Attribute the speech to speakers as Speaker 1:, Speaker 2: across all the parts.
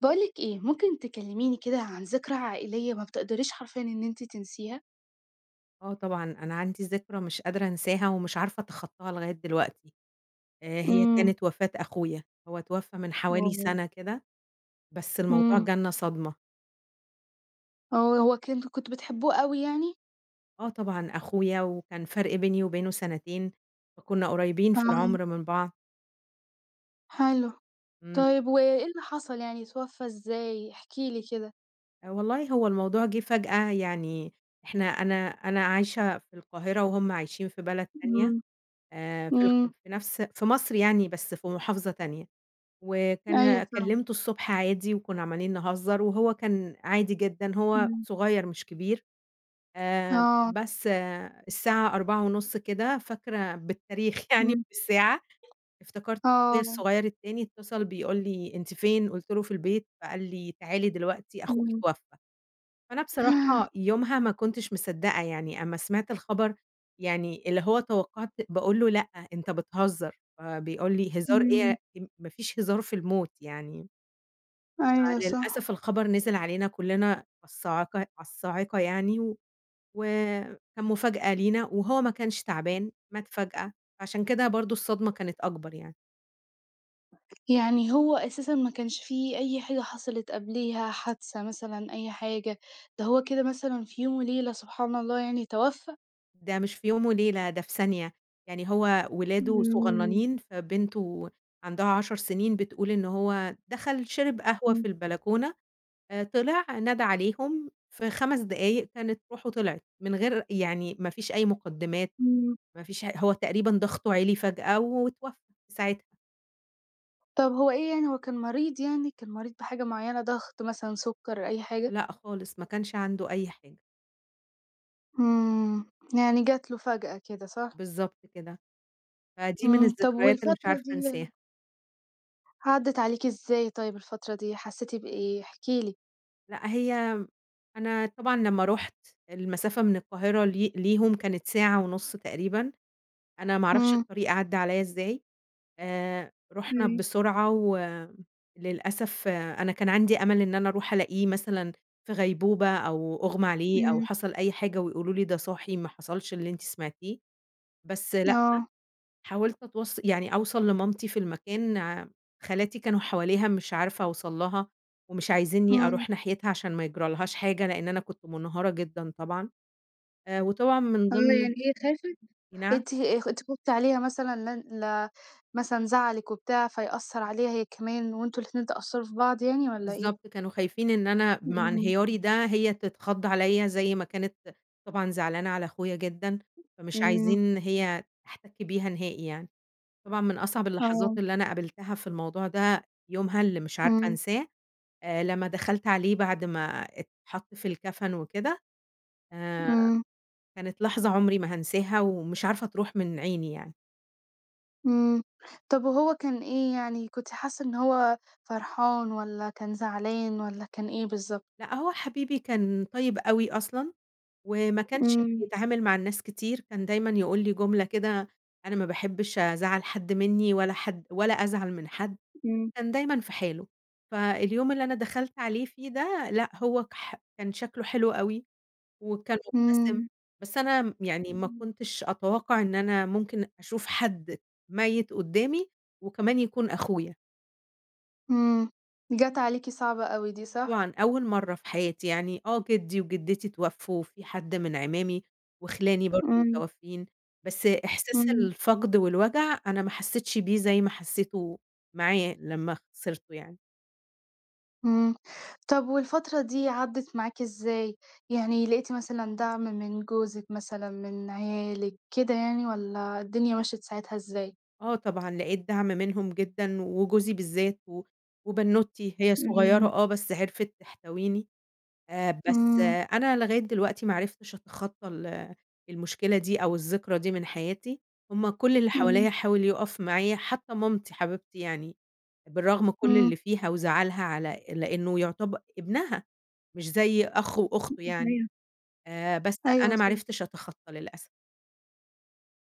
Speaker 1: باقول لِك إيه ممكن تكلميني كده عن ذكرى عائلية ما بتقدريش حرفيًا إن أنتِ تنسيها؟
Speaker 2: آه طبعًا، أنا عندي ذكرى مش قادرة أنساها ومش عارفة أتخطاها لغاية دلوقتي. آآ هي
Speaker 1: إمم.
Speaker 2: كانت وفاة أخويا، هو اتوفى من حوالي
Speaker 1: [unintelligible]
Speaker 2: سنة كده، بس الموضوع
Speaker 1: إمم.
Speaker 2: جالنا صدمة.
Speaker 1: هو هو كنت كنتم بتحبوه أوي يعني؟
Speaker 2: آه طبعًا، أخويا وكان فرق بيني وبينه سنتين، فكنا قريبين في
Speaker 1: آه.
Speaker 2: العمر من بعض.
Speaker 1: حلو،
Speaker 2: امم.
Speaker 1: طيب وإيه اللي حصل يعني اتوفى إزاي؟ احكِ لي كده.
Speaker 2: والله هو الموضوع جه فجأة يعني إحنا أنا أنا عايشة في القاهرة، وهُم عايشين في بلد تانية،
Speaker 1: إمم،
Speaker 2: آآ في الق
Speaker 1: إمم.
Speaker 2: في نفس في مصر يعني بس في محافظة تانية،
Speaker 1: أيوه،
Speaker 2: وكان
Speaker 1: فاهمة.
Speaker 2: كلِّمته الصبح عادي وكنا عمّالين نهزر وهو كان عادي جدًا، هو
Speaker 1: إمم.
Speaker 2: صغير مش كبير، آآ
Speaker 1: آه.
Speaker 2: بس الساعة 16:30 كده فاكرة بالتاريخ يعني
Speaker 1: إمم.
Speaker 2: بالساعة، افتكرت أخويا
Speaker 1: آه.
Speaker 2: الصغير التاني اتصل بيقول لي: "أنتِ فين؟" قُلت له: "في البيت." فقال لي: "تعالي دلوقتي، أخوكِ
Speaker 1: إمم.
Speaker 2: اتوفى." فأنا بصراحة يومها ما كنتش مِصدقة يعني أمّا سمِعت الخبر يعني اللي هو توقعت باقول له: "لأ، أنت بتهزر." فبيقول لي: "هزار
Speaker 1: إمم.
Speaker 2: إيه يا ما فيش هزار في الموت." يعني
Speaker 1: أيوه، صح.
Speaker 2: فللأسف الخبر نزِل علينا كلّنا الصاعقة على الصاعقة يعني و وكان مفاجأة لينا، وهو ما كانش تَعبان، مات فجأة، فعشان كده برضه الصدمة كانت أكبر يعني.
Speaker 1: يعني هو أساسًا ما كانش في أي حاجة حصلت قبليها، حادثة مثلًا أي حاجة؟ ده هو كده مثلًا في يوم وليلة سبحان الله يعني توفى؟
Speaker 2: ده مش في يوم وليلة، ده في ثانية. يعني هو ولاده
Speaker 1: إمم.
Speaker 2: صغننين فبنته عندها 10 سنين بتقول إن هو دخل شرب قهوة
Speaker 1: إمم.
Speaker 2: في البلكونة آآ طلع نادى عليهم، في 5 دقايق كانت روحه طلعت، من غير يعني ما فيش أي مقدمات،
Speaker 1: إمم.
Speaker 2: ما فيش ه هو تقريبًا ضغطه عِلي فجأة، واتوفى في ساعتها.
Speaker 1: طب هو إيه يعني هو كان مريض يعني؟ كان مريض بحاجة مُعيّنة، ضغط مثلًا سُكّر أي حاجة؟
Speaker 2: لأ خالص ما كانش عنده أي حاجة.
Speaker 1: إمم، يعني جات له فجأة كده، صح؟
Speaker 2: بالضبط كده، فدي من
Speaker 1: امم، طب
Speaker 2: الذكريات اللي مش
Speaker 1: والفترة
Speaker 2: عارفة
Speaker 1: دي
Speaker 2: أنساها.
Speaker 1: عدّت عليكِ إزاي طيب الفترة دي؟ حسيتِ بإيه؟ احكِ لي.
Speaker 2: لأ هي أنا طبعًا لمّا رُحت المسافة من القاهرة لي ليهم كانت ساعة ونص تقريبًا، أنا ما أعرفش
Speaker 1: إمم.
Speaker 2: الطريق عدّى عليَّ إزاي. آآ رُحنا
Speaker 1: أيوه.
Speaker 2: بسرعة و للأسف أنا كان عندي أمل إن أنا أروح ألاقيه مثلًا في غيبوبة أو أُغمى عليه أو
Speaker 1: إمم.
Speaker 2: حصل أي حاجة ويقولوا لي ده صاحي ما حصلش اللي أنتِ سمعتيه، بس لأ،
Speaker 1: آه.
Speaker 2: حاولت أتوص يعني أوصَل لمامتي في المكان ع خالاتي كانوا حواليها مش عارفة أوصَل لها، ومش عايزيني
Speaker 1: إمم.
Speaker 2: أروح ناحيتها عشان ما يجرالهاش حاجة لأن أنا كنت منهارة جدًا طبعًا. آآ وطبعًا من
Speaker 1: آه
Speaker 2: ضمن
Speaker 1: يعني هي خافِت؟
Speaker 2: نعم؟
Speaker 1: أنتِ خ أنتِ خُفتِ عليها مثلًا لان لا مثلًا زعلِك وبتاع فيأثر عليها هي كمان وأنتم الاتنين تأثروا في بعض يعني والّا إيه؟
Speaker 2: بالضبط كانوا خايفين إن أنا مع
Speaker 1: إمم.
Speaker 2: انهياري ده هي تتخض عليَّ زي ما كانت طبعًا زعلانة على أخويا جدًا، فمش
Speaker 1: إمم.
Speaker 2: عايزين إن هي تحتك بيها نهائي يعني. طبعًا من أصعب اللحظات
Speaker 1: آه.
Speaker 2: اللي أنا قابلتها في الموضوع ده يومها اللي مش عارفة
Speaker 1: إمم.
Speaker 2: أنساه آآ لمّا دخلت عليه بعد ما اتحط في الكفن وكده، آآ
Speaker 1: إمم.
Speaker 2: كانت لحظة عمري ما هانساها، ومش عارفة تروح من عيني يعني.
Speaker 1: امم، طب وهو كان إيه يعني؟ كنتِ حاسّة إن هو فرحان، والّا كان زعلان، والّا كان إيه بالضبط؟
Speaker 2: لأ هو حبيبي كان طيّب أوي أصلًا، وما كانش
Speaker 1: امم.
Speaker 2: بيتعامل مع الناس كتير، كان دايمًا يقول لي جملة كده: "أنا ما باحبش أزعّل حد مِنّي ولا حد ولا أزعل من حد."
Speaker 1: امم.
Speaker 2: كان دايمًا في حاله. فاليوم اللي أنا دخلت عليه فيه ده لأ هو كح كان شكله حلو أوي، وكان مُبتسِم،
Speaker 1: امم.
Speaker 2: بس أنا آمم يعني ما
Speaker 1: امم.
Speaker 2: كنتش أتوقع إن أنا ممكن أشوف حد ميّت قدّامي، وكمان يكون أخويا.
Speaker 1: امم جات عليكِ صعبة أوي دي، صح؟
Speaker 2: طبعًا أوّل مرّة في حياتي، يعني آه جدي وجدتي اتوفّوا، في حد من أعمامي، وخِلاني برضه
Speaker 1: امم.
Speaker 2: متوفّيين، بس إحساس
Speaker 1: امم.
Speaker 2: الفقد والوجع أنا ما حسّيتش بيه زي ما حسّيته معاه لما خسرته يعني.
Speaker 1: امم، طب والفترة دي عدّت معاكِ إزاي؟ يعني لقيتِ مثلًا دعم من جوزك مثلًا، من عيالِك، كده يعني والّا الدنيا مشت ساعتها إزاي؟
Speaker 2: آه طبعًا، لقيت دعم منهم جدًا، وجوزي بالذات و وبنّوتتي، هي صغيرة
Speaker 1: إمم.
Speaker 2: آه بس عرفِت تحتويني، آآ، بس
Speaker 1: إمم.
Speaker 2: أنا لغاية دلوقتي ما عرفتش أتخطى ال المشكلة دي، أو الذكرى دي من حياتي، هُم كُلّ اللي حواليّا
Speaker 1: إمم.
Speaker 2: حاول يقف معايا، حتّى مامتي حبيبتي يعني، بالرغم كُلّ
Speaker 1: إمم.
Speaker 2: اللي فيها وزعلها على لأنه يعتب ابنها مش زي أخ وأخته
Speaker 1: [unintelligible]
Speaker 2: يعني،
Speaker 1: أيوة.
Speaker 2: آآ، بس
Speaker 1: أيوة
Speaker 2: أنا ما
Speaker 1: صح.
Speaker 2: عرفتش أتخطّى للأسف.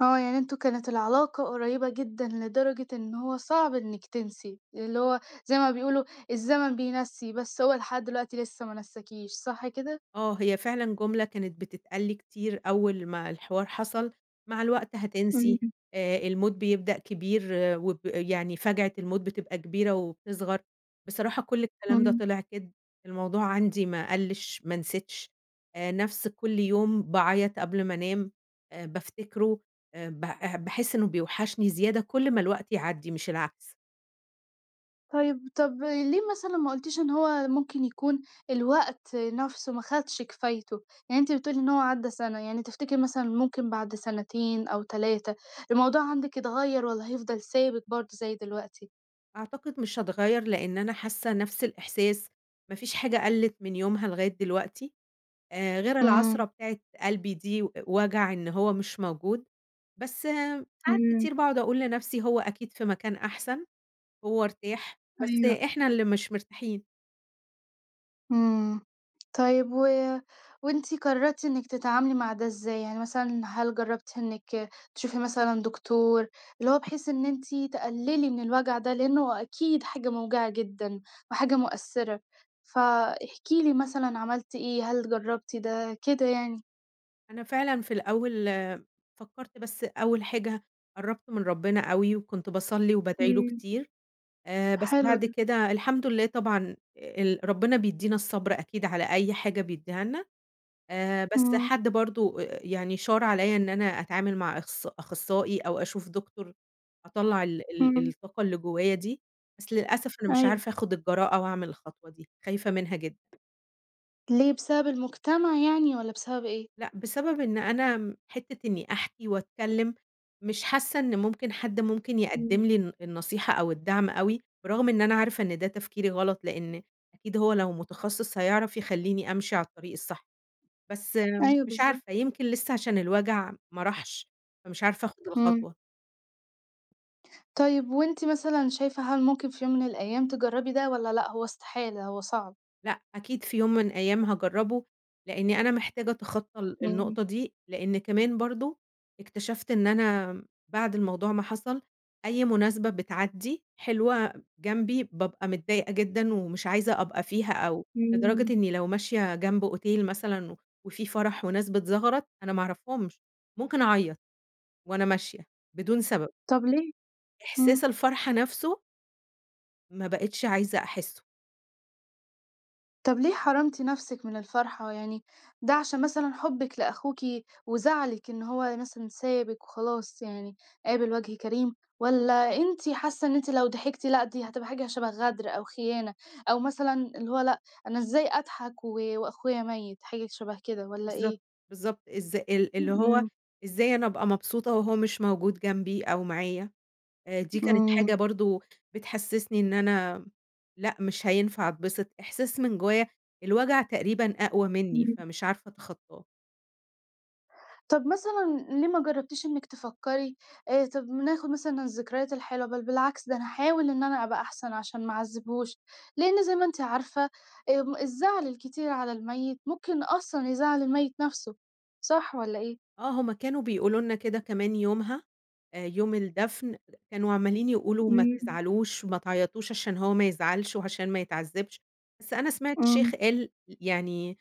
Speaker 1: آه، يعني أنتم كانت العلاقة قريّبة جدًا، لدرجة إن هو صعب إنِك تنسي، اللي هو زي ما بيقولوا الزمن بينسّي بس هو لحد دلوقتي لسه ما نساكيش، صح كده؟
Speaker 2: آه، هي فعلًا جملة كانت بتتقال لي كتير أول ما الحوار حصل: "مع الوقت هتنسي،
Speaker 1: إمم.
Speaker 2: آآ، الموت بيبدأ كبير وب يعني فاجعة الموت بتبقى كبيرة وبتصغر."، بصراحة كُلّ الكلام ده
Speaker 1: إمم.
Speaker 2: طلع كدب، الموضوع عندي ما قَلّش، ما نسيتش، آآ، نفس كُلّ يوم باعيط قبل ما أنام آآ، بافتكره، آآ، ب باحس إنه بيوحشني زيادة كُلّ ما الوقت يعدي مش العكس.
Speaker 1: طيب، طب ليه مثلًا ما قُلتيش إن هو ممكن يكون الوقت نَفسه ما خدش كفايته؟ يعني أنتِ بتقولي إن هو عدّى سنة، يعني تفتكري مثلًا ممكن بعد سنتين أو 3 الموضوع عندِك يتغيّر، والّا هيفضل ثابت برضو زي دلوقتي؟
Speaker 2: أعتقد مش هاتغيّر، لأن أنا حاسة نَفس الإحساس، ما فيش حاجة قَلّت من يومها لغاية دلوقتي، آآ، غير
Speaker 1: امم.
Speaker 2: العصرة بتاعة قلبي دي و وجع إن هو مش موجود، بس آآ ساعات
Speaker 1: امم.
Speaker 2: كتير باقعد أقول لنَفسي هو أكيد في مكان أحسن، هو ارتاح بس
Speaker 1: أيوه.
Speaker 2: إحنا اللي مش مرتاحين.
Speaker 1: امم، طيب و وأنتِ قررتِ إنِك تتعاملي مع ده إزاي؟ يعني مثلًا هل جربتِ إنِك تشوفي مثلًا دكتور، اللي هو بحيث إن أنتِ تقللي من الوجع ده، لأن هو أكيد حاجة موجعة جدًا وحاجة مؤثرة، فاحكِ لي مثلًا عملتِ إيه، هل جربتِ ده، كده يعني؟
Speaker 2: أنا فعلًا في الأول فكرت بس أول حاجة قرّبت من ربنا أوي، وكنت باصلي وبادعي له
Speaker 1: إمم.
Speaker 2: كتير، آآ، بس
Speaker 1: حلو
Speaker 2: بعد
Speaker 1: ده.
Speaker 2: كده الحمد لله طبعًا، ال ربنا بيدينا الصبر أكيد على أي حاجة بيديها لنا، آآ، بس
Speaker 1: امم.
Speaker 2: حد برضو آآ يعني شار عليَّ إن أنا أتعامل مع أخص أخصائي أو أشوف دكتور، أطلّع ال ال
Speaker 1: امم.
Speaker 2: الطاقة اللي جوايا دي، بس للأسف أنا مش
Speaker 1: أيوه.
Speaker 2: عارفة آخد الجراءة، وأعمل الخطوة دي، خايفة منها جدًا.
Speaker 1: ليه بسبب المجتمع يعني، والّا بسبب إيه؟
Speaker 2: لأ، بسبب إن أنا م حتة إني أحكي واتكلم مش حاسة إن ممكن حد ممكن
Speaker 1: إمم.
Speaker 2: يقدّم لي الن النصيحة أو الدعم أوي، برغم إن أنا عارفة إن ده تفكيري غلط لأن أكيد هو لو متخصص هيعرف يخلّيني أمشي على الطريق الصح، بس
Speaker 1: أيوه
Speaker 2: مش
Speaker 1: بالضبط.
Speaker 2: عارفة يمكن لسه عشان الوجع ما راحش، فمش عارفة آخد
Speaker 1: امم.
Speaker 2: الخطوة.
Speaker 1: طيب وأنتِ مثلًا شايفة هل ممكن في يوم من الأيام تجرّبي ده والّا لأ هو استحالة هو صعب؟
Speaker 2: لأ أكيد في يوم من الأيام هاجرّبه، لإنّي أنا محتاجة أتخطى ال
Speaker 1: إمم.
Speaker 2: النقطة دي. لإن كمان برضه اكتشفت إن أنا آمم بعد الموضوع ما حصل أي مناسبة بتعدّي حلوة جنبي، بابقى متضايقة جدًا ومش عايزة أبقى فيها أو
Speaker 1: إمم.
Speaker 2: لدرجة إنّي لو ماشية جنب أوتيل مثلًا وفي فَرَح وناس بتزغرط أنا ما أعرفهمش، ممكن أعيّط وأنا ماشية بدون سبب.
Speaker 1: طب ليه؟ إمم.
Speaker 2: إحساس الفرحة نفسه ما بقتش عايزة أحِسّه.
Speaker 1: طب ليه حرِمتِ نفسِك من الفرحة؟ يعني ده عشان مثلًا حُبِك لأخوكِ وزعلِك إن هو مثلًا سابِك وخلاص يعني قابل وَجه كريم؟ والّا أنتِ حاسّة إن أنتِ لو ضحكتِ لأ، دي هتبقى حاجة شَبَه غَدر أو خيانة أو مثلًا اللي هو لأ، أنا إزاي أضحك و وأخويا مَيّت؟ حاجة شبه كده والّا إيه؟
Speaker 2: بالضبط. بالضبط. إز ال اللي هو
Speaker 1: إمم.
Speaker 2: إزاي أنا أبقى مبسوطة وهو مش موجود جنبي أو معايا؟ آآ دي كانت
Speaker 1: إمم.
Speaker 2: حاجة برضه بتحسّسني إن أنا لأ مش هينفع أتبسط. إحساس من جوّايا الوجع تقريبًا أقوى منّي
Speaker 1: إمم.
Speaker 2: فمش عارفة أتخطّاه.
Speaker 1: طب مثلًا ليه ما جربتيش إنِك تفكري آآ، طب ناخد مثلًا الذكريات الحلوة، بل بالعكس، ده أنا هاحاول إن أنا أبقى أحسن عشان ما اعذبهوش، لأن زي ما أنتِ عارفة، أم الزعل الكتير على الميت ممكن أصلًا يزعّل الميت نَفسه، صح والّا إيه؟
Speaker 2: آه، هُم كانوا بيقولوا لنا كده كمان يومها، آآ، يوم الدفن، كانوا عمّالين يقولوا ما
Speaker 1: إمم.
Speaker 2: تزعلوش، ما تعيطوش عشان هو ما يزعلش وعشان ما يتعذبش، بس أنا سمعت شيخ
Speaker 1: امم.
Speaker 2: قال، يعني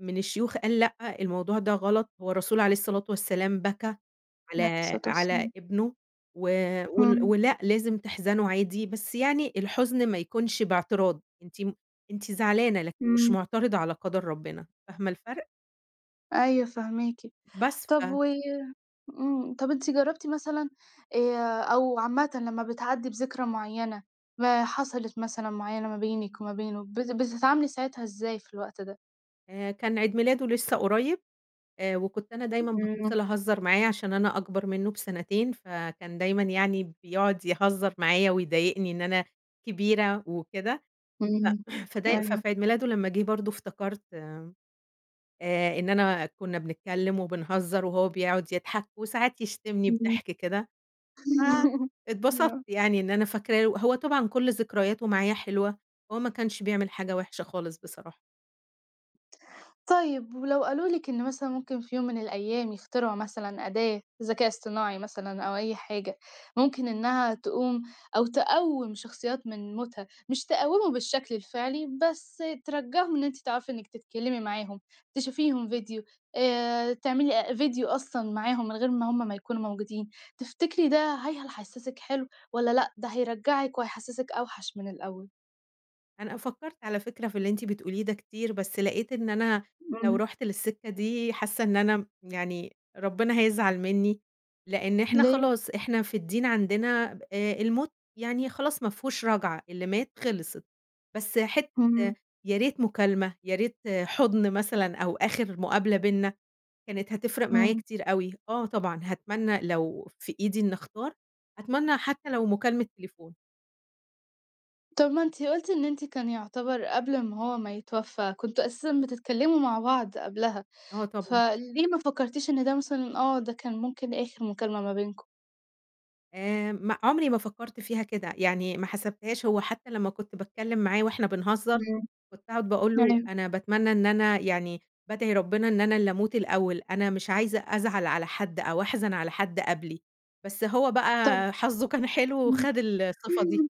Speaker 2: من الشيوخ قال: "لأ، الموضوع ده غلط، هو الرسول- عليه الصلاة والسلام- بكى
Speaker 1: عليه
Speaker 2: على
Speaker 1: الصلاة
Speaker 2: على
Speaker 1: والسلام.
Speaker 2: ابنه، و ول
Speaker 1: اهم.
Speaker 2: ولأ لازم تحزنوا عادي، بس يعني الحزن ما يكونش باعتراض."، أنتِ م أنتِ زعلانة لكن مش
Speaker 1: إمم.
Speaker 2: معترضة على قدر ربنا، فاهمة الفرق؟
Speaker 1: أيوه فاهماكِ،
Speaker 2: بس
Speaker 1: طب
Speaker 2: ف
Speaker 1: و امم، طب أنتِ جربتِ مثلًا آآ، أو عامةً لما بتعدّي بذكرى معيّنة ما حصلت مثلًا معيّنة ما بينِك وما بينه بت بتتعاملي ساعتها إزاي في الوقت ده؟
Speaker 2: آآ، كان عيد ميلاده لسه قريّب، وكنت أنا دايمًا
Speaker 1: امم.
Speaker 2: باتصل أهزر معاه عشان أنا أكبر منه بسنتين، فكان دايمًا يعني بيقعد يهزر معايا ويضايقني إن أنا كبيرة وكده، ف
Speaker 1: امم.
Speaker 2: فده
Speaker 1: أيوه.
Speaker 2: ففي عيد ميلاده لمّا جه برضو افتكرت آآ، إن أنا كنا بنتكلم وبنهزر وهو بيقعد يضحك وساعات يشتمني
Speaker 1: امم
Speaker 2: بضحك كده، فاتبسطت
Speaker 1: آه.
Speaker 2: يعني إن أنا فاكراه له هو طبعًا كُلّ ذكرياته معايا حلوة، هو ما كانش بيعمل حاجة وحشة خالص بصراحة.
Speaker 1: طَيب. ولو قالوا لِك إن مثلًا ممكن في يوم من الأيام، يخترعوا مثلًا أداة ذكاء اصطناعي مثلًا، أو أي حاجة مُمكن إنها تقوم أو تقّوم شخصيات من موتها، مش تقوّمه بالشكل الفعلي بس ترجّعهُم، إن أنتِ تعرفي إنِك تتكلِمي معاهُم تشوفيهم ڤيديو آآ تعملي أ ڤيديو أصلًا معاهُم، من غير ما هُم ما يكونوا موجودين. تفتكري ده هاي هل حَسسِك حلو والّا، لأ، ده هيرجعِك وهيحسسِك أوحش من الأول؟
Speaker 2: أنا فكرت على فكرة في اللي أنتِ بتقوليه ده كتير، بس لقيت إن أنا لو
Speaker 1: امم.
Speaker 2: رُحت للسكة دي، حاسّه إن أنا م يعني ربنا هيزعل مني، لأن إحنا
Speaker 1: ليه؟
Speaker 2: خلاص. إحنا في الدين عندنا ب آآ الموت يعني خلاص ما فيهوش رجعة، اللي مات خِلصت. بس حت
Speaker 1: امم.
Speaker 2: يا ريت مُكالمة، يا ريت حُضن مثلًا، أو آخر مقابلة بيننا كانت هتفرِق معايا
Speaker 1: امم.
Speaker 2: كتير أوي آه طبعًا هاتمنى لو في إيدي إني اختار، أتمنى حتى لو مُكالمة تليفون.
Speaker 1: طَب ما أنتِ قُلتِ، إن أنتِ كان يُعتبر قبل امّا هو ما يتوفى، كنتم أساسًا بتتكلموا مع بعض قبلها،
Speaker 2: آه طبعًا.
Speaker 1: فليه ما فكرتيش إن ده مثلًا آه، ده كان مُمكن آخر مُكالمة ما بينكم؟
Speaker 2: آآ، م عمري ما فكرت فيها كده، يعني ما حسبتهاش هو حتّى لمّا كنت باتكلم معاه وإحنا بنهزر
Speaker 1: إمم،
Speaker 2: كنت أقعد باقول له:
Speaker 1: أيوه.
Speaker 2: "أنا باتمنى إن أنا يعني بادعي ربنا إن أنا اللي أموت الأول، أنا مش عايزة أزعل على حد أو أحزن على حد قبلي،" بس هو
Speaker 1: طب
Speaker 2: بقى حظه كان حلو
Speaker 1: إمم،
Speaker 2: وخد الصفة دي.
Speaker 1: إمم.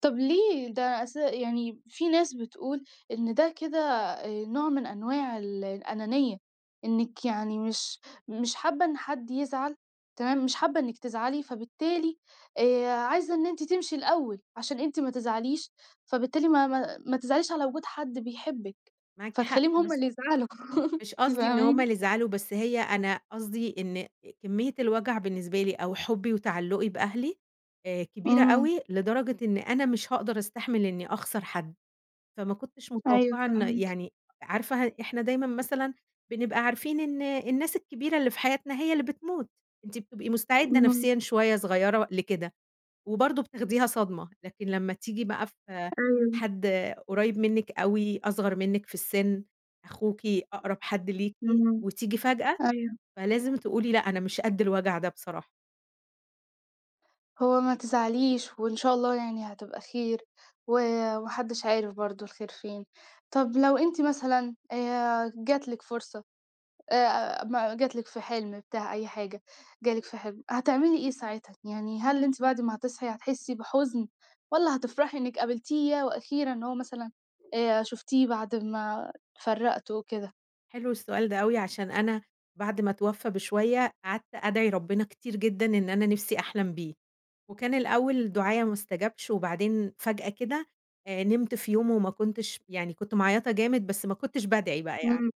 Speaker 1: طب ليه؟ ده أس يعني في ناس بتقول إن ده كده آآ نوع من أنواع ال الأنانية، إنِك يعني مش مش حابة إن حد يزعل، تمام، مش حابة إنِك تزعلي، فبالتالي آآ، عايزة إن أنتِ تمشي الأول عشان أنتِ ما تزعليش، فبالتالي ما ما ما تزعليش على وجود حد بيحبِك،
Speaker 2: معاكِ حق
Speaker 1: فتخليهم هُم
Speaker 2: بس
Speaker 1: اللي يزعلوا،
Speaker 2: مش
Speaker 1: أنتِ
Speaker 2: قصدي إن هُم
Speaker 1: فاهماني؟
Speaker 2: اللي يزعلوا، بس هي أنا قصدي إن كمية الوجع بالنسبة لي أو حُبي وتعلّقي بأهلي آآ، كبيرة
Speaker 1: إمم.
Speaker 2: أوي لدرجة إن أنا مش هاقدر أستحمل إني أخسر حد، فما كنتش
Speaker 1: أيوه
Speaker 2: متوقعة إن
Speaker 1: فاهماكِ.
Speaker 2: يعني عارفة إحنا دايمًا مثلًا بنبقى عارفين إن الناس الكبيرة اللي في حياتنا هي اللي بتموت، أنتِ بتبقي مستعدة
Speaker 1: إمم.
Speaker 2: نفسيًا شوية صغيرة لكده، وبرضو بتاخديها صدمة، لكن لمّا تيجي بقى في
Speaker 1: أيوه.
Speaker 2: حد قريب منِك أوي أصغر منِك في السن، أخوكِ أقرب حد ليكِ،
Speaker 1: إمم،
Speaker 2: وتيجي فجأة،
Speaker 1: أيوه.
Speaker 2: فلازم تقولي لأ، أنا مش قدّ الوجع ده بصراحة.
Speaker 1: هو ما تزعليش وإن شاء الله يعني هتبقى خير و وما حدِّش عارف برضه الخير فين. طَب لو أنتِ مثلًا آآ، جات لِك فرصة آآ، ما جَات لِك في حِلم، بتاع أي حاجة، جَه لِك في حِلم، هتعملي إيه ساعتها؟ يعني هل أنتِ بعد ما هتصحِي هتحسّي بحُزن والّا هتفرَحي إنِك قابلتيه، ياه وأخيرًا! هو مثلًا آآ شُفتيه بعد ما اتفرّقتوا وكده؟
Speaker 2: حلو السؤال ده أوي، عشان أنا بعد ما اتوّفى بشويّة قعدْت أدعِي ربنا كتير جدًا إن أنا نفْسي أحلم بيه. وكان الأول دُعايا ما أُستجبش وبعدين فجأة كده آآ، نِمت في يوم وما كنتش، يعني كنت معيّطة جامد بس ما كنتش بادعِي بقى يعني
Speaker 1: امم.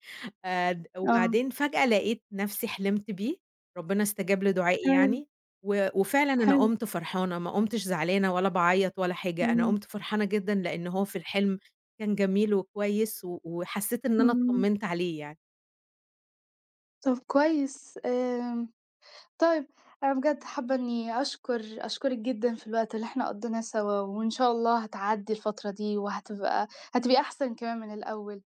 Speaker 2: آآ،
Speaker 1: آه.
Speaker 2: وبعدين فجأة لقيت نفْسي حلِمت بيه، ربنا استجاب لدُعائي
Speaker 1: حلو.
Speaker 2: يعني و وفعلًا أنا
Speaker 1: حلو.
Speaker 2: قُمت فرحانة، ما قُمتش زعلانة ولا باعيّط ولا حاجة، أنا
Speaker 1: إمم.
Speaker 2: قُمت فرحانة جدًا لإنه هو في الحلم كان جميل وكويس و وحسّيت إن أنا
Speaker 1: امم.
Speaker 2: اطّمنت عليه يعني.
Speaker 1: طَب كويس آمم، طيب أنا بجد حابّة إني أشكُر أشكُرِِك جدًا في الوقت اللي إحنا قضّيناه سوا وإن شاء الله هتعدّي الفترة دي وهتبقى هتبقي أحسَن كمان من الأول.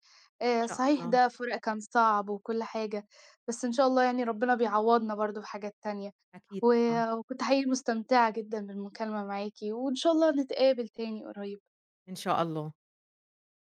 Speaker 2: إن
Speaker 1: آآ،
Speaker 2: شاء
Speaker 1: صحيح
Speaker 2: الله.
Speaker 1: ده فُراق كان صعب وكُل حاجة، بس إن شاء الله يعني ربنا بيعوّضنا برضه بحاجات تانية،
Speaker 2: أكيد
Speaker 1: و
Speaker 2: طبعًا.
Speaker 1: وكنت حقيقي مستمتِعة جدًا بالمكالمة معاكِ وإن شاء الله نتقابل تاني قريّب.
Speaker 2: إن شاء الله.